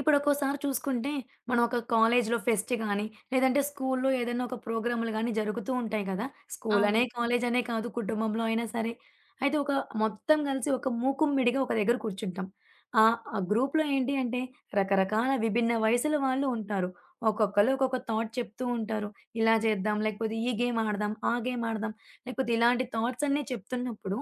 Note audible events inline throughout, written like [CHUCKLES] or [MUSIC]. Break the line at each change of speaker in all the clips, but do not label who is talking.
ఇప్పుడొక్కోసారి చూసుకుంటే, మనం ఒక కాలేజీలో ఫెస్ట్ గాని, లేదంటే స్కూలులో ఏదన్నా ఒక ప్రోగ్రామ్లు కానీ జరుగుతూ ఉంటాయి కదా! స్కూలనే,
అవును.
కాలేజనే కాదు కుటుంబంలో అయినా సరే. అయితే ఒక మొత్తం గలిసి ఒక మూకుమ్మడిగా ఒక దగ్గర కూర్చుంటాం, ఆహ్, ఆ గ్రూప్‌లో ఏంటి అంటే, రకరకాల విభిన్న వయసుల వాళ్ళు ఉంటారు. ఒక్కొక్కళ్ళు, ఒక్కొక్క థాట్ చెప్తూ ఉంటారు. ఇలా జేద్దాం, లేకపోతే ఈ గేమ్ ఆడదాం, ఆ గేమ్ ఆడదాం లేకపోతే ఇలాంటి థాట్స్ అన్ని చెప్తున్నప్పుడు,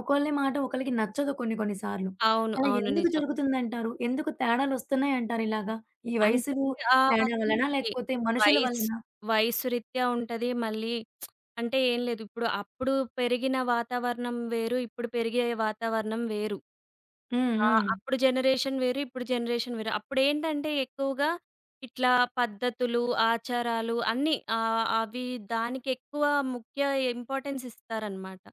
ఒకళ్ళ మాట ఒకళ్ళకి నచ్చదు కొన్ని, కొన్ని సార్లు.
అవును.
అలా
అవును.
ఎందుకు
నిజం.
జరుగుతుందంటారు? ఎందుకు తేడాలొస్తున్నాయంటారిలాగ? ఈ
అంటే
వయసులు
ఆహ్,
తేడా వల్లనా?
అదీ
లేకపోతే మనుషుల
వయసు
వల్లనా?
వయసు రీత్యా ఉంటది. మళ్ళీ [SMACKS LIPS] అంటే ఏం లేదిప్పుడు, అప్పుడు పెరిగిన వాతావరణం వేరు, ఇప్పుడు పెరిగే వాతావరణం వేరు.
హ్మ్.
ఆ!
హ్మ్.
అప్పుడు జనరేషన్ వేరు, ఇప్పుడు జనరేషన్ వేరు. అప్పుడేంటంటే, ఎక్కువగా ఇట్లా పద్ధతులు, ఆచారాలు అన్నీ ఆహ్, అవి దానికెక్కువ ముఖ్య ఇంపార్టెన్స్ ఇస్తారన్నమాట.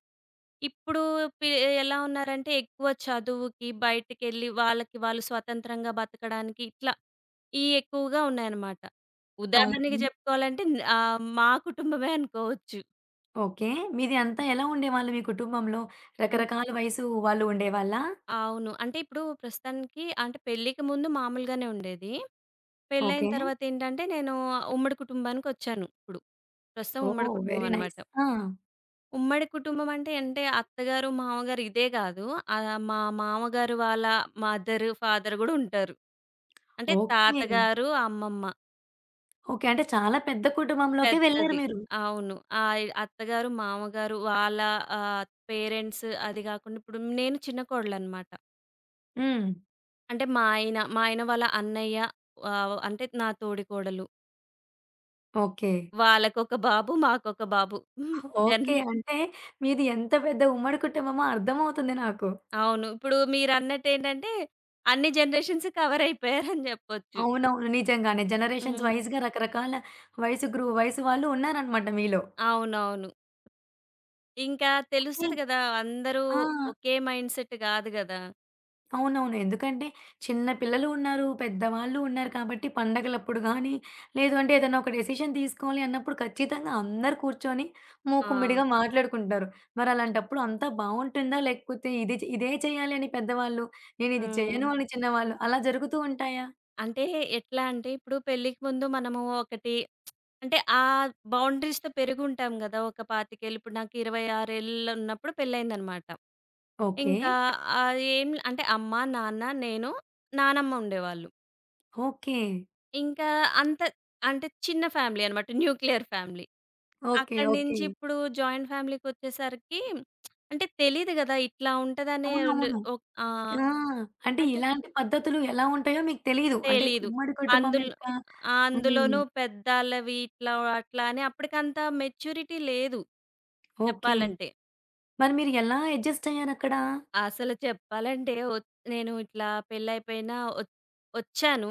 ఇప్పుడు పి ఎలా ఉన్నారంటే, ఎక్కువ చదువుకి, బయటికెళ్ళి వాళ్ళకి వాళ్ళు స్వతంత్రంగా బతకడానికి ఇట్లా ఇయి ఎక్కువగా ఉన్నాయన్నమాట. ఉదాహరణకి
అవును.
జెప్పుకోవాలంటే న్ ఆహ్, మా కుటుంబమే అనుకోవచ్చు.
ఓకే. మీది అంతా ఎలా ఉండేవాళ్ళు మీ కుటుంబంలో
అన్
రకరకాల వయసు వాళ్ళు ఉండేవాళ్ళా?
అవును. అంటే ఇప్పుడు ప్రస్తుతానికి అంటే పెళ్ళికి ముందు మామూలుగానే ఉండేది. పెళ్ళైన
ఓకే.
తర్వాత ఏంటంటే నేను ఉమ్మడి కుటుంబానికొచ్చాను. ఇప్పుడు ప్రస్తుతం ఉమ్మడి
ఓహ్!
కుటుంబం
వెరీ
అనమాట
నైస్. ఆ!
ఉమ్మడి కుటుంబం అంటే, అంటే అత్తగారు, మామగారు ఇదే కాదు. ఆహ్, మా మామగారు వాళ్ళ మదర్, ఫాదర్ కూడా ఉంటారు. అంటే
ఓకే.
తాతగారు, అమ్మమ్మ.
ఓకే. అంటే చాలా పెద్ద కుటుంబంలోకె వెళ్లారు
పెద్దది.
మీరు.
అవును. ఆ! అత్తగారు మామగారు వాళ్ళ ఆహ్, పేరెంట్సు అది గాకుండా ఇప్పుడు నేను చిన్న కోడలనమాట.
హ్మ్.
అంటే మా ఆయన, మా ఆయన వాళ్ళ అన్నయ్య. ఆహ్, అంటే నా తోడికోడలు.
ఓకే.
వాళ్ళకొక బాబు, మాకొక బాబు. [GIGGLES] జన్
ఓకే. అంటే మీది ఎంత పెద్ద ఉమ్మడి కుటుంబమో అర్థం అవుతుంది నాకు.
అవును. ఇప్పుడు మీరన్నట్టేంటంటే అన్ని జనరేషన్సు కవరయిపోయారని జెప్పొచ్చు.
అవునవును. నిజంగానే. జనరేషన్స్
హ్మ్.
వైస్‌గా రకరకాల వయసు గ్రూ వయసు వాళ్ళు ఉన్నారన్నమాట మీలో.
అవునవును. ఇంకా
కాని
తెలుస్తది గదా! అందరూ
ఆ!
ఒకే మైండ్‌సెట్ గాదు గదా!
అవునవును. ఎందుకంటే చిన్న పిల్లలు ఉన్నారు, పెద్దవాళ్ళు ఉన్నారు, కాబట్టి పండగలప్పుడు గానీ, లేదు అంటే ఏదన్నా ఒక డెసిషన్ తీసుకోవాలి అన్నప్పుడు ఖచ్చితంగా అందరూ కూర్చొని,
ఆ!
మూకుమ్మడిగా మాట్లాడుకుంటారు. మరలాంటప్పుడు అంతా బావుంటుందా? లేకపోతే ఇది చే ఇదే చేయాలని పెద్దవాళ్ళు, నేనిది చేయను
హ్మ్.
అని చిన్నవాళ్ళు అలా జరుగుతూ ఉంటాయా?
అంటే ఎట్లా అంటే, ఇప్పుడు పెళ్ళికి ముందు మనము ఒకటి [SMACKS LIPS] అంటే, ఆ బౌండరీస్‌తో పెరిగుంటాం గదా! ఒక 25ఏళ్లు ఇప్పుడు నాకు ఇరవై ఆరేళ్ళున్నప్పుడు పెళ్ళయిందన్నమాట.
ఓకే.
ఇంకా అది ఏం అంటే అమ్మ, నాన్న, నేను, నానమ్మ ఉండేవాళ్ళు.
ఓకే.
ఇంకా అంత అంటే చిన్న ఫ్యామిలీ అన్నమాట. Nuclear family.
ఓకే.
అక్కడి
ఓకే.
నుంచి ఇప్పుడు జాయింట్ ఫ్యామిలీకొచ్చేసరికి [SMACKS LIPS] అంటే తెలీదు గదా! ఇట్లా ఉంటదనే ఓన్
అవునవును.
ఓ ఆ!
ఆ! అంటే
అంటే
ఇలాంటి పద్ధతులు ఎలా ఉంటాయో మీకు తెలీదు. అంటే
తెలీదు.
ఉమ్మడి కుటుంబం
అందులో
యొక్క
అందులోనూ
హ్మ్.
పెద్దాళ్ళవి ఇట్లా, అట్లా అని అప్పడికంత మెచ్యూరిటీ లేదు.
ఓకే.
చెప్పాలంటే.
మరి మీరు ఎలా ఎడ్జస్టయ్యారక్కడ?
అసలు చెప్పాలంటే ఒ నేను ఇట్లా పెళ్లయిపోయినా ఒచ్ ఒచ్చాను,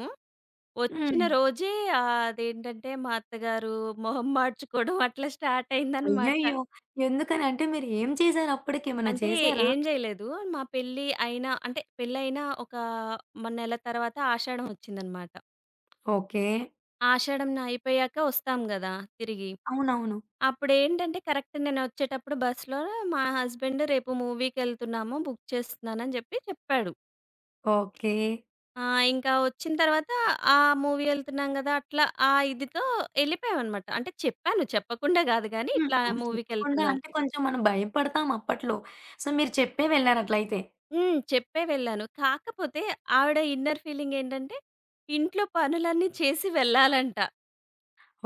వచ్చిన
హ్మ్.
రోజే ఆహ్, అదేంటంటే మా అత్తగారు మొహం మాడ్చుకోడం [GIGGLES] అట్లా స్టార్టయిందన్నమాట.
అయ్యయ్యో! ఎందుకని? అంటే మీరేం చేసారప్పడికి ఏమైనా
అంటే
చేసారా?
ఏం జేయలేదు. మా పెళ్లి అయినా అంటే, పెళ్లయిన ఒక మ నెల తర్వాత ఆషాడం వచ్చిందన్నమాట.
ఓకే.
ఆషాఢం న అయిపోయాక ఒస్తాం గదా! తిరిగి.
అవునవును.
అప్పుడేంటంటే, కరెక్ట్ నేనొచ్చేటప్పుడు బస్‌లో మా హస్బెండు, "రేపు మూవీకెళ్తున్నాము. బుక్ చేస్తున్నాను" అని జెప్పి చెప్పాడు.
ఓకే.
ఆహ్, ఇంకా వచ్చిన తర్వాత ఆహ్, మూవీ యెళ్తున్నాం గదా! అట్లా ఆ ఇదితో యెళ్ళిపోయామన్నమాట. అంటే చెప్పాను, చెప్పకుండా గాదు, కానీ
హ్మ్.
ఇట్లా
ఆహ్, చెప్పకుండా
మూవీకెళ్తున్నాం.
అంటే, కొంచెం మనం భయపడతాం అప్పట్లో సో, మీరు చెప్పే వెళ్లారట్లయితే.
హ్మ్. చెప్పే వెళ్ళాను. కాకపోతే ఆవిడ ఇన్నర్ ఫీలింగ్ ఏంటంటే, ఇంట్లో పనులన్నీ చేసి వెళ్ళాలంట.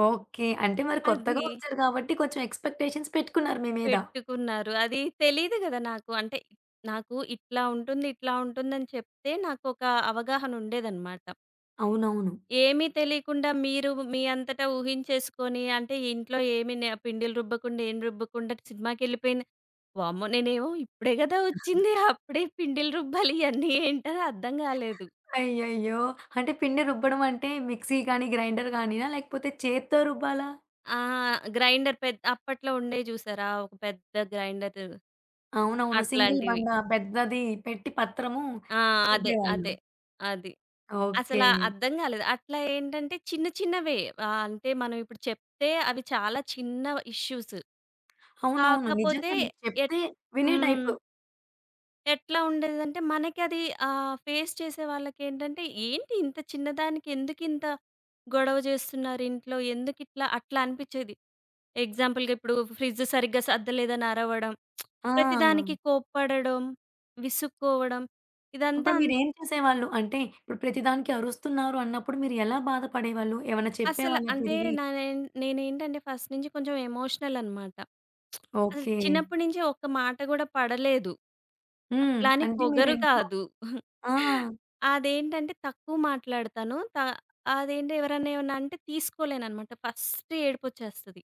ఓకే. అంటే మరి
అది
కొత్తగా ఒచ్చారు గాబట్టి, కొంచెం ఎక్స్‌పెక్టేషన్స్ పెట్టుకున్నారు మీ మీద.
పెట్టుకున్నారు. అది తెలీదు గదా! నాకు. అంటే నాకు ఇట్లా ఉంటుంది, ఇట్లా ఉంటుందని, చెప్తే నాకొక అవగాహన ఉండేదన్నమాట.
అవునవును.
ఏమి తెలీకుండా మీరు మీ అంతట ఊహించేసుకొని అంటే, "ఇంట్లో ఏమి నె పిండిలు రుబ్బకుండా ఏం రుబ్బకుండా సినిమాకెళ్ళిపోయింది." వామ్మో! నేనేమో ఇప్పుడే గదా
[CHUCKLES]
ఒచ్చింది. అప్పుడే పిండిలు రుబ్బాలి ఇయన్నీ ఏంటని అర్థం గాలేదు.
అయ్యయ్యో! అంటే పిండి రుబ్బడమంటే, మిక్సీ గానీ, గ్రైండర్‌ గానీనా లేకపోతే చేత్తో రుబ్బాలా?
ఆ! గ్రైండర్ పె అప్పట్లో ఉండేయి జూసారా ఒక పెద్ద గ్రైండరు.
అవునవును. సింగిల్
అట్లాంటివి.
బండా పెద్దది పెట్టి, పత్రము
ఆ! అదే.
రుబ్బేవాళ్ళు.
అదే. అది. అసల
ఓకే.
అర్థం గాలేదు. అట్లా ఏంటంటే, చిన్న చిన్నవే ఆహ్, అంటే మనం ఇప్పుడు చెప్తే అవి చాలా చిన్న ఇష్యూసు.
అవునవును.
కాకపోతే
నిజంగానే.
ఎట్
చెప్తే వినే
హ్మ్.
టైపు.
ఎట్లా ఉండేదంటే, మనకి అదీ ఆహ్, ఫేస్ చేసే వాళ్ళకేంటంటే, ఏంటి ఇంత చిన్న దానికి ఎందుకింత గొడవ జేస్తున్నారింట్లో, ఎందుకిట్లా? అట్లా అనిపిచ్చేది. ఎగ్జాంపులుగిప్పుడూ ఫ్రిడ్జ్ సరిగ్గా సద్దలేదనరవడం. [SMACKS LIPS]
ఆ!
ప్రతిదానికి కోప్పడడం, విసుక్కోవడం,
అప్పుడు
ఇదంతాన్
మీరేం చేసేవాళ్ళు? అంటే, ఇప్పుడు ప్రతిదానికీ అరుస్తున్నారు అన్నప్పుడు, మీరు ఎలా బాధపడేవాళ్ళు? ఏవన్నా
అసల
చెప్పేవాళ్ళా
అంటే,
తిరిగీ?
నా నే నేనేంటంటే ఫస్ట్ నించి కొంచెం ఎమోషనలనమాట. [SMACKS LIPS] అస
ఓకే.
చిన్నప్పుడు నుంచి ఒక్క మాట కూడా పడలేదు,
హ్మ్.
అట్లా అని
అంటే,
పొగరు
మీరింట్లో
కాదు. [CHUCKLES]
ఆ!
అదేంటంటే, తక్కువ మాట్లాడతాను. త అదేంటి, ఎవరన్నా ఏవన్నంటే తీసుకోలేననమాట. ఫస్టే ఏడుపొచ్చేస్తది.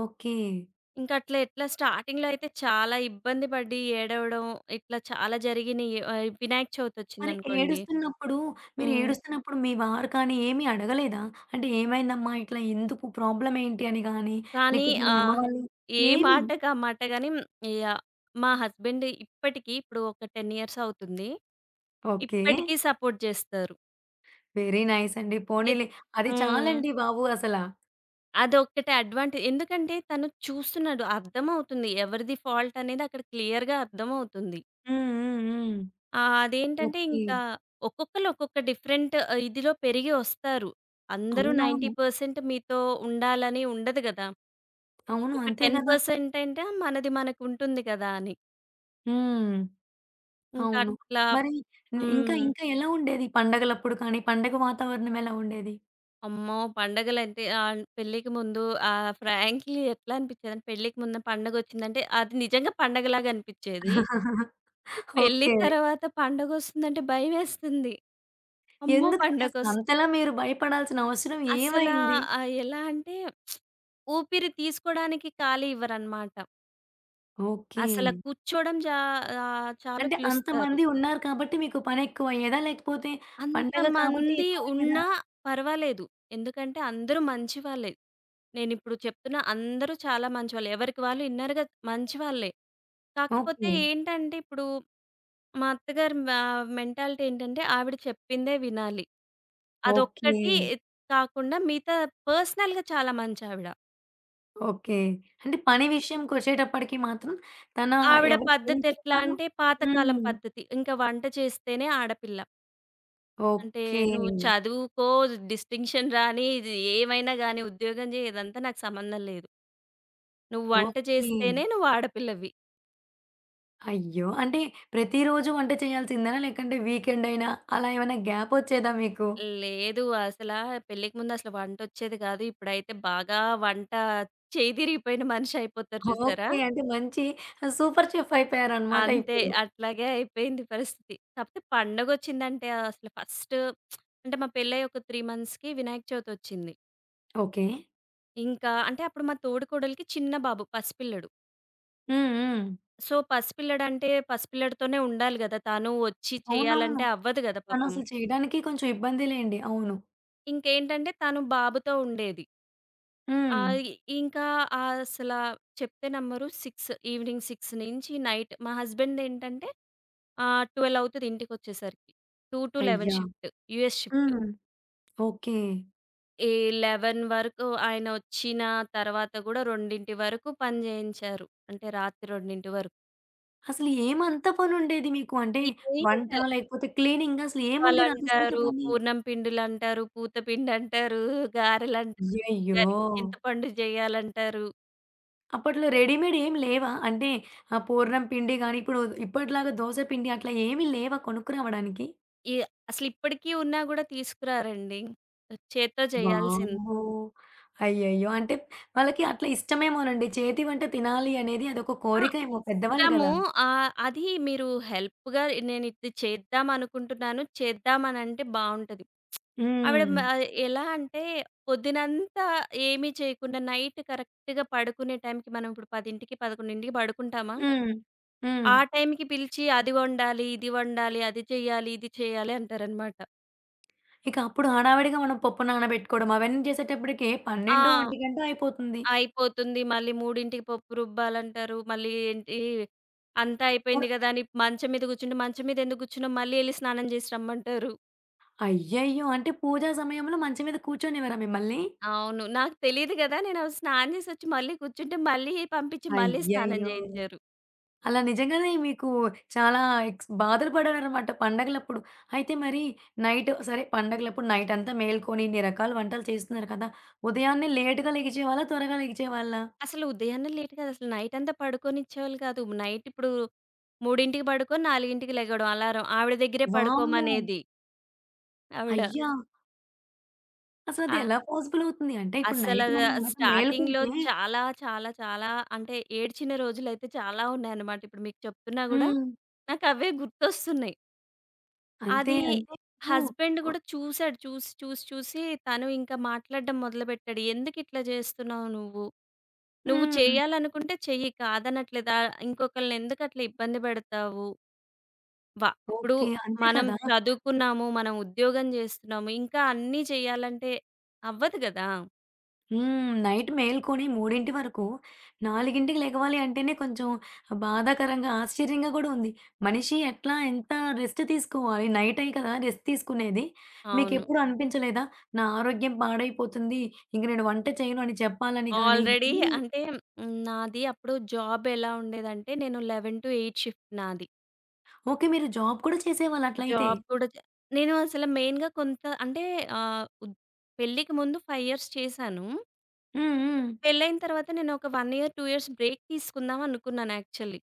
ఓకే.
ఇంకట్ల ఎట్లా, స్టార్టింగ్‌లో అయితే చాలా ఇబ్బంది పడీ, ఏడవడం ఇట్లా చాలా జరిగినియి. ఆహ్, వినాయక
మరి
చవితొచ్చిందనుకోండి
ఏడుస్తున్నప్పుడూ
హ్మ్.
మీరేడుస్తున్నప్పుడు మీ వారు కానీ ఏమి అడగలేదా? అంటే, ఏమైందమ్మా, ఇట్లా ఎందుకు, ప్రాబ్లమేంటి అని గానీ,
కానీ
లేకపోతే
ఆ!
మీ అమ్మవాళ్ళని
ఏ
ఏమీ?
మాటకామాట గానీ, మ్ యాహ్! మా హస్బెండ్ ఇప్పటికీ ఇప్పుడు ఒక 10 ఇయర్సవుతుంది.
ఓకే.
ఇప్పటికి సపోర్ట్ జేస్తారు.
వెరీ నైసండి.
ఎ
పోనిలే అది
హ్మ్.
చాలండి బాబు అసలా.
అదొక్కటే అడ్వాంటే ఎందుకంటే తను చూస్తున్నాడు అర్థమవుతుంది. ఎవరిది ఫాల్టనేదక్కడ క్లియర్‌గా అర్థమవుతుంది.
హ్మ్, హ్మ్, హ్మ్.
ఆహ్, అదేంటంటే
ఓకే.
ఇంకా ఒక్కొక్కళ్ళు ఒక్కొక్క డిఫరెంట్ ఆహ్, ఇదిలో పెరిగి వస్తారు. అందరూ నైన్టీ
అవునవును.
పర్సెంట్ మీతో ఉండాలని ఉండదు గదా!
అవును.
ఒక
అంతే
టెన్
గదా!
పర్సెంట్ అంట మనది మనకుంటుంది గదా! అని.
హ్మ్. అవును.
ఇంకట్లా
మరి ఇంకా
హ్మ్.
ఇంకా ఎలా ఉండేది? పండగలప్పుడు కానీ పండగ వాతావరణం ఎలా ఉండేది?
అమ్మో! పండగలంటే ఆహ్, పెళ్ళికి ముందు ఆ ఫ్రాంక్‌లీ ఎట్లా అనిపించేదంటే పెళ్ళికి ముందు పండగొచ్చిందంటే అది నిజంగా పండగలాగనిపిచ్చేది.
[CHUCKLES]
పెళ్లి
ఓకే.
తర్వాత పండగ వస్తుందంటే భయమేస్తుంది. అమ్మో!
ఎందుకని?
పండగొస్
అసలంతలా మీరు భయపడాల్సిన అవసరం
అసలా
ఏమైంది?
ఆహ్, ఎలా అంటే [SMACKS LIPS] ఊపిరి తీసుకోడానికి ఖాళీ ఇవ్వరన్నమాట. అసల
ఓకే.
కూర్చోవడం జ ఆహ్, చాలు
అంటే
పిలుస్తారు.
అంతమంది ఉన్నారు కాబట్టి మీకు పనెక్కువయ్యేదా? లేకపోతే పండగ కాబట్టి
అంతమంది
ఎక్కువయ్యేదా?
ఉన్నా పర్వాలేదు. ఎందుకంటే అందరూ మంచి వాళ్ళే. నేనిప్పుడు చెప్తున్నా అందరూ చాలా మంచివాళ్ళు. ఎవరికి వాళ్ళు ఇన్నర్‌గా మంచివాళ్ళే. కాకపోతే
ఓకే.
ఏంటంటే ఇప్పుడు మా అత్తగారి మ మెంటాలిటీ ఏంటంటే ఆవిడ చెప్పిందే వినాలి.
ఓకే.
అదొక్కటి కాకుండా మిగతా పర్సనల్‌గా చాలా మంచావిడ.
ఓకే. అంటే
హ్మ్.
పని విషయంకొచ్చేటప్పటికి మాత్రం తన
ఆవిడ
ఎవరికి ఏం
పద్ధతెట్లా
చెప్తారో
అంటే పాతకాలం
హ్మ్.
పద్ధతి. ఇంక వంట చేస్తేనే ఆడపిల్ల. అంటే
ఓకే.
నువ్వు చదువుకో, డిస్టింక్షన్ రానీ, ఇది ఏమైనా గానీ, ఉద్యోగం జెయి, ఇదంతా నాకు సంబంధం లేదు. నువ్వు వంట
ఓకే.
చేస్తేనే నువ్వు ఆడపిల్లవి.
అయ్యో! అంటే, ప్రతిరోజు వంట చేయాల్సిందేనా, లేకంటే వీకెండయినా అలా ఏవైనా గ్యాపొచ్చేదా మీకు?
లేదు. అసలా పెళ్ళికి ముందసల వంటొచ్చేదె గాదు. ఇప్పుడైతే బాగా వంటా చెయ్యి దిరిగిపోయిన మనిషయిపోతారు జూశారా?
ఓకే. అంటే, మంచి ఆహ్, సూపర్ చెఫ్ఫయిపోయారనమాట
అంతే.
ఇప్పుడు.
అట్లాగే అయిపోయింది పరిస్థితి. కాపోతే పండగొచ్చిందంటే, అసలు ఫస్టు [SMACKS LIPS] అంటే, మా పెళ్ళయ్యి ఒక 3 మంత్స్‌కి వినాయక చవితొచ్చింది.
ఓకే.
ఇంకా అంటే, అప్పుడు మా తోడికోడలికి చిన్న బాబు, పసి పిల్లడు.
హ్మ్. హ్మ్.
సో, పసిపిల్లడంటే, పసిపిల్లడితోనే ఉండాలి గదా! తను ఒచ్చి
అవునవును.
చెయ్యాలంటే అవ్వదు గద పాపం.
తనసలు చెయడానికీ కొంచెం ఇబ్బందిలేండి. అవును.
ఇంకేంటంటే, తను బాబుతో ఉండేది.
హ్మ్.
ఆగి ఇంకా అసలా చెప్తే నమ్మరు, 6 ఎవినింగ్ 6 నించీ నైట్ మా హస్బెండేంటంటే, ఆహ్, 12 అవుతది ఇంటికొచ్చేసరికి. 2-11
అయ్యా!
షిఫ్టు. US shift.
హ్మ్. ఓకే.
ఏ 11 వరకు ఆయనొచ్చిన తర్వాత కూడా, 2 వరకు పని చేయించారు. అంటే, రాత్రి 2 వరకు.
అసలేమంత పనుండేది మీకు? అంటే
ఇడ్లీ
వంటా,
పిండి...
లేకపోతే క్లీనింగా? అసలేముండేది అంత సేపు
రుబ్బాలంటారు,
పని?
పూర్ణం పిండులంటారు, పూత పిండంటారు, గారెలంటారు,
అయ్యయ్యో!
పులిహారికి చింతపండు చెయ్యాలంటారు.
అప్పట్లో రెడీమేడేమి లేవా? అంటే ఆ పూర్ణం పిండి గాని, ఇప్పుడు ఇప్పటిలాగా దోస పిండి అట్లా ఏమి లేవా కొనుక్కురావడానికి?
ఇయ అసలిప్పటికి ఉన్నా కూడా తీసుకురారండి. చేత్తో చేయాల్సింద్
వామ్మో! అయ్యయ్యో! అంటే వాళ్ళకి అట్లా ఇష్టమేమోనండి, చేతి వంట తినాలి అనేది అదొక
ఆ!
కోరిక ఏమో పెద్దవాళ్ళు
ఇష్టము.
కదా!
ఆహ్, అది మీరు హెల్ప్‌గా నేను ఇది చేద్దామనుకుంటున్నాను. చేద్దామనంటే బాగుంటది. [SMACKS LIPS] ఆవిడ మ
హ్మ్.
ఎలా అంటే, పొద్దునంతా ఏమీ చేయకుండా, నైట్ కరెక్ట్‌గా పడుకునే టైంకి, మనం ఇప్పుడు 10కి, 11కి పడుకుంటామా!
హ్మ్, హ్మ్.
ఆ టైంకి పిలిచి, అది వండాలి, ఇది వండాలి, అది చెయ్యాలి, ఇది చెయ్యాలి అంటారన్నమాట.
ఇక అప్పుడు హడావిడిగా మనం పప్పు నానబెట్టుకోవడం, అవన్నీ చేసేటప్పటికి ఏ
ఆ!
పన్నెండో, ఒంటిగంటో అయిపోతుంది.
అయిపోతుంది. మళ్ళీ 3కి పప్పు రుబ్బాలంటారు. మళ్ళీ, ఏంటి, అంతా
అ
అయిపోయింది కదా! అని మంచం మీద కూర్చుంటే, "మంచం మీద ఎందుకు కూర్చున్నావు? మళ్ళీ ఎళ్లి స్నానం చేసి రమ్మం"టారు.
అయ్యయ్యో! అంటే పూజ సమయంలో మంచం మీద కూర్చొనివారా మిమ్మల్ని?
అవును. నాకు తెలీదు గదా! నేను స్నానం జేసొచ్చి మళ్ళీ కూర్చుంటే, మళ్ళీ పంపించి మళ్ళీ స్నానం
అయ్యయ్యో!
జేయించారు.
అలా నిజంగానే మీకు చాలా ఎక్స్ బాధలు పడారన్నమాట పండగలప్పుడు. అయితే మరి నైట్ సరే, పండగలప్పుడు నైట్ అంతా మేల్కొని, ఇన్ని రకాల వంటలు చేస్తున్నారు కదా! ఉదయాన్నే లేట్‌గా లెగిచేవాళ్ళ? త్వరగా లెగిచేవాళ్ళా?
అసలు ఉదయాన్నే లేట్ కాదు. అసలు నైట్ అంతా పడుకోనిచ్చేవాళ్ళు కాదు. నైట్ ఇప్పుడు 3కి పడుకొని, 4కి లెగడం అలారం. ఆవిడ దగ్గరే
వామ్మో!
పడుకోమనేది. ఆవిడ.
అయ్యా! అసలది
ఆ
ఎలా పాజిబులవుతుంది? అంటే, ఇప్పుడు
అసలా
నైట్ మనం గనక
స్టార్టింగ్‌లో
మేలుకుంటే
చాలా, చాలా, చాలా అంటే ఏడ్చిన రోజులైతే చాలా ఉన్నాయన్నమాట. ఇప్పుడు మీకు చెప్తున్నా గూడా
హ్మ్.
నాకవే గుర్తొస్తున్నాయి.
అంతే.
అది
అంటే ఇప్పుడు
హస్బాండ్
ఒ
కూడా చూసాడు. చూసి, చూసి, చూసి తను ఇంకా మాట్లాడడం మొదలుపెట్టాడు. "ఎందుకు ఇట్లా జేస్తున్నావు నువ్వు. నువ్వు
హ్మ్.
చెయ్యాలనుకుంటే చెయ్యి కాదనట్లేదా. ఇంకొకల్ని ఎందుకు అట్లా ఇబ్బంది పెడతావు." వ ఇప్పుడు
ఓకే. అంతే
మనం
కదా!
చదువుకున్నాము, మనం ఉద్యోగం జేస్తున్నాము, ఇంకా అన్నీ చెయ్యాలంటే, అవ్వదు గదా!
హ్మ్, నైట్ మేల్కొని 3 వరకు, 4కి లెగవాలి అంటేనే కొంచెం బాధాకరంగా, ఆశ్చర్యంగా కూడా ఉంది. మనిషి ఎట్లా, ఎంత రెస్టు తీసుకోవాలి! నైటే కదా రెస్ట్ తీసుకునేది.
అవును.
మీకెప్పుడూ అనిపించలేదా? నా ఆరోగ్యం పాడైపోతుంది. ఇంక నేను వంట చేయను అని చెప్పాలని గాని
ఆల్రెడీ
ఊ
అంటే హ్మ్, నాది అప్పుడు జాబ్ ఎలా ఉండేదంటే, నేను 11-8 షిఫ్ట్ నాది.
ఓకే. మీరు జాబ్ కూడా చేసేవాళ్ళట్లయితే.
జాబ్ కూడా చె నేను అసలు మెయిన్‌గా కొంత అంటే ఆహ్, ఉద్ పెళ్ళికి ముందు 5 ఇయర్స్ చేశాను.
హ్మ్, హ్మ్.
పెళ్లైన తరువాత, నేను ఒక 1 ఇయర్, 2 ఇయర్స్ బ్రేక్ తీసుకుందాం అనుకున్నాను యాక్చువలీ.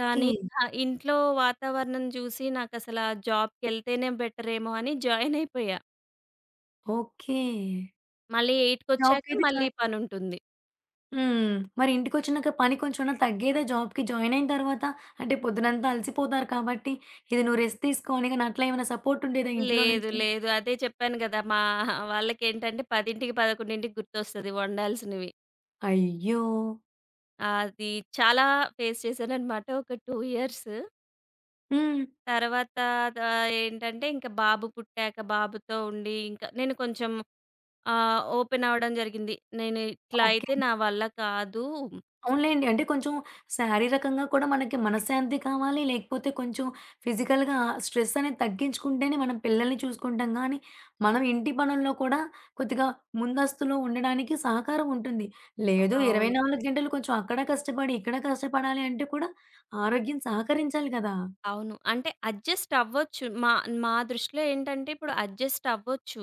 కానీ, ఇంకా ఇంట్లో వాతావరణం చూసి నాకసల ఆ జాబ్‌కెళ్తేనే బెటరేమో అని జాయినయిపోయా.
ఓకే.
మళ్ళీ ఎయిట్కొచ్చాక
జాబ్‌కైయితే
మళ్ళీ
జాయిన్
పనుంటుంది.
హ్మ్. మరి ఇంటికొచ్చినాక పని కొంచెం తగ్గేదా? జాబ్‌కి జాయిన్ అయిన తరువాత. అంటే పొద్దున్నంతా అలసిపోతారు కాబట్టి, ఇది నువ్వు రెస్ట్ తీసుకో అని గాని, అట్లా ఏమైనా సపోర్టుండేదా ఇంట్లో
లేదు,
నుంచి?
లేదు. అదే చెప్పాను కదా! మా వాళ్ళకేంటంటే, 10కి, 11కి గుర్తొస్తది వండాల్సినవి.
అయ్యో!
అది చాలా ఫేస్ చేశాననమాట ఒక 2 ఇయర్స్
హ్మ్.
తర్వాతా త ఏంటంటే, ఇంక బాబు పుట్టాక బాబుతో ఉండి, ఇంక నేను కొంచం ఆహ్, ఓపెనవడం జరిగింది. నేని ఇట్లా
ఓకే.
అయితే నా వల్ల కాదూ.
అవునులేండి. అంటే, కొంచెం శారీరకంగా కూడా మనకి మనశ్శాంతీ కావాలి. లేకపోతే కొంచెం ఫిజికల్‌గా స్ట్రెస్సనేది తగ్గించుకుంటేనే, మనం పిల్లలని చూసుకుంటాం గానీ, మనం ఇంటి పనుల్లో కూడా కొద్దిగా ముందస్తులో ఉండడానికి సహకారముంటుంది. లేదు ఇరవై
అవును.
నాలుగు గంటలు కొంచెం అక్కడా కష్టపడి, ఇక్కడా కష్టపడాలి అంటే కూడా, ఆరోగ్యం సహకరించాలి గదా!
అవును. అంటే, అడ్జస్టవ్వచ్చు. మా మా దృష్టిలో ఏంటంటే, ఇప్పుడు అడ్జస్టవ్వచ్చు.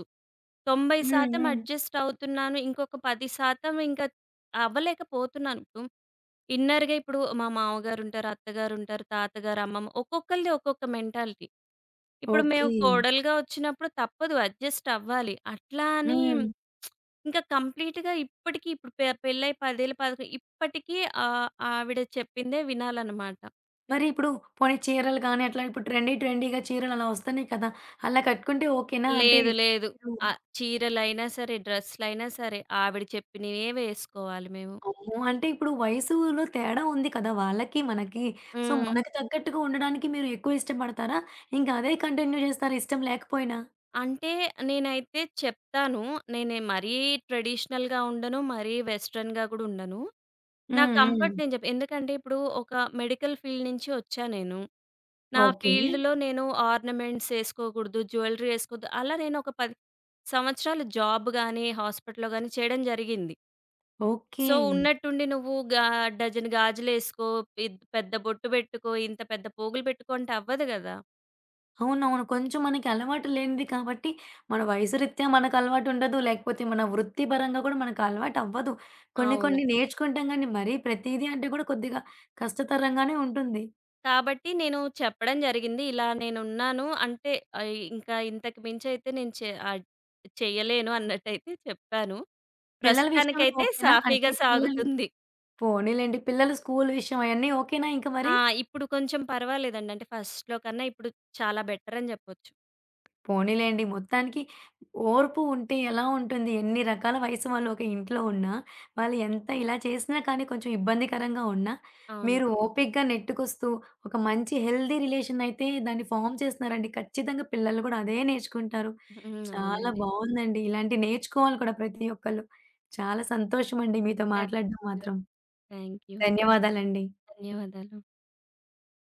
తొంభై
హ్మ్,
శాతం
హ్మ్.
అడ్జస్టవుతున్నాను, ఇంకొక 10% ఇంక అవ్వలేకపోతున్నాను. దుం ఇన్నర్‌గా. ఇప్పుడు మా మావగారుంటారు, అత్తగారుంటారు, తాతగారు, అమ్మమ్మ, ఒక్కొక్కళ్ళది ఒక్కొక్క మెంటాలిటీ. ఇప్పుడు మేము
ఓకే.
కోడలుగా ఒచ్చినప్పుడు తప్పదు, అడ్జస్టవ్వాలి. అట్లా అనీ [SMACKS LIPS]
హ్మ్.
ఇంక కంప్లీట్‌గా ఇప్పటికీ ఇప్పుడు పె పెళ్ళై 10 ఏళ్ళు పదక ఇప్పటికి ఆహ్, ఆవిడ చెప్పిందే వినాలనమాట.
మరి ఇప్పుడు పోనీ చీరలు గాని అట్లా ఇప్పుడు ట్రెండీ ట్రెండీగా చీరలు అలా వస్తున్నాయి కదా! అలా కట్టుకుంటే ఓకేనా? అంటే,
లేదు. లేదు.
మీరు
ఆహ్, చీరలైనా సరే, డ్రస్‌లయినా సరే ఆవిడ చెప్పినేవే వేసుకోవాలి మేము.
అమ్మో! అంటే, ఇప్పుడు వయసులో తేడా ఉంది కదా! వాళ్ళకి మనకి. సో,
హ్మ్.
మనకు తగ్గట్టుగా ఉండడానికి మీరు ఎక్కువ ఇష్టపడతారా? ఇంకా అదే కంటిన్యూ చేస్తారా ఇష్టం లేకపోయినా?
అంటే, నేనైతే చెప్తాను. నేనే మరీ ట్రెడిషనల్‌గా ఉండను, మరీ వెస్టర్న్‌గా కూడా ఉండను. నా
హ్మ్.
కంఫర్ట్
హ్మ్.
నేను చెప్ప ఎందుకంటే ఇప్పుడు ఒక మెడికల్ ఫీల్డ్ నుంచి వచ్చా నేను. నా
ఓకే.
ఫీల్డ్‌లో నేను ఆర్నమెంట్స్ ఏసుకోకూడదు, జ్యువెల్లరీ ఏసుకోద్దు. అలా నేను ఒక 10 సంవత్సరాలు జాబ్ గానీ, హాస్పిటల్‌లో కానీ చేయడం జరిగింది.
ఓకే.
సో, ఉన్నట్టుండి, "నువ్వు గా డజన గాజులు ఏసుకో, ఇద్ పెద్ద బొట్టు పెట్టుకో, ఇంత పెద్ద పోగులు పెట్టుకో" అంటే, అవ్వదు గదా!
అవునవును. కొంచెం మనకి అలవాటు లేనిది కాబట్టి, మన వయసు రీత్యా మనకు అలవాటుండదు. లేకపోతే మన వృత్తి పరంగా గూడా మనకు అలవాటవ్వదు. కొన్ని
అవును.
కొన్ని నేర్చుకుంటాం గాని, మరీ ప్రతీదీ అంటే కూడా కొద్దిగా కష్టతరంగానే ఉంటుంది.
కాబట్టి నేను చెప్పడం జరిగింది, ఇలా నేనున్నాను. అంటే ఇ ఇంకా ఇంతకు మించయితే నేను చే ఆహ్, చేయలేను, అన్నట్టయితే చెప్పాను.
పిల్లల విషయంలో
ప్రస్తుతానికైతే
ఓకేనా? అంటే
సాఫీగా
పిల్లలు
సాగుతుంది.
పోనీలెండి పిల్లలు స్కూలు విషయం అయన్నీ ఓకేనా ఇంక మరి?
ఆ! ఇప్పుడు కొంచెం పర్వాలేదండి. అంటే ఫస్ట్‌లో కన్నా ఇప్పుడు చాలా బెటరని జెప్పొచ్చు.
పోనీలెండి. మొత్తానికి ఓర్పు ఉంటే ఎలా ఉంటుంది ఎన్ని రకాల వయసు వాళ్ళు ఒక ఇంట్లో ఉన్నా, వాళ్ళు ఎంత ఇలా చేసినా కానీ, కొంచెం ఇబ్బందికరంగా ఉన్నా,
అవును.
మీరు ఓపికగా నెట్టుకొస్తూ ఒక మంచి హెల్తీ రిలేషన్ అయితే దాన్ని ఫార్మ్ చేస్తున్నారండి. ఖచ్చితంగా పిల్లలు కూడా అదే నేర్చుకుంటారు.
హ్మ్.
చాలా
అవునండి.
బావుందండి. ఇలాంటియి నేర్చుకోవాలి కూడా ప్రతి ఒక్కళ్ళు. చాలా సంతోషం అండి మీతో మాట్లాడం
థాంక్ యూ.
మాత్రం.
Thank you.
ధన్యవాదాలండి.
ధన్యవాదాలు.